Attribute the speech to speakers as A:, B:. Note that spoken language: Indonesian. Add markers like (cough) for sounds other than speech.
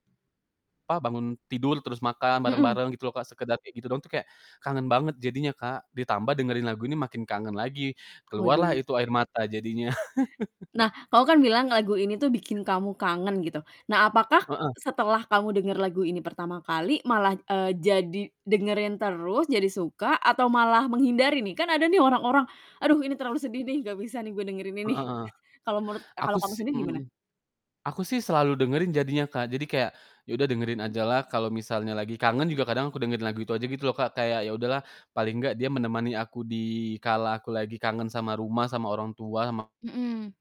A: Pa bangun tidur, terus makan
B: Mhm.
A: bareng-bareng gitu loh, Kak, sekedar kayak gitu doang tuh kayak, kangen banget jadinya, Kak, ditambah dengerin lagu ini makin kangen lagi, keluarlah
B: Waduh.
A: itu air mata jadinya. (chuckles)
B: Nah, kau kan bilang lagu ini tuh bikin kamu kangen gitu. Nah, apakah
A: Heeh.
B: setelah kamu denger lagu ini pertama kali malah, eee, jadi dengerin terus, jadi suka atau malah menghindari nih? Kan ada nih orang-orang, "Aduh ini terlalu
A: M
B: sedih nih, nggak bisa nih gue dengerin ini."
A: Heeh heeh.
B: Kalau menurut eee,
A: Aku
B: kalau kamu
A: si
B: sendiri
A: mhm
B: gimana?
A: mhm. Aku sih selalu dengerin jadinya, Kak. Jadi kayak ya udah dengerin aja lah kalo misalnya lagi kangen juga kadang aku dengerin lagu itu aja gitu loh, Kak, kayak, ya udah lah, paling nggak dia menemani aku di kala aku lagi kangen sama rumah, sama orang tua, sama
B: Mhm.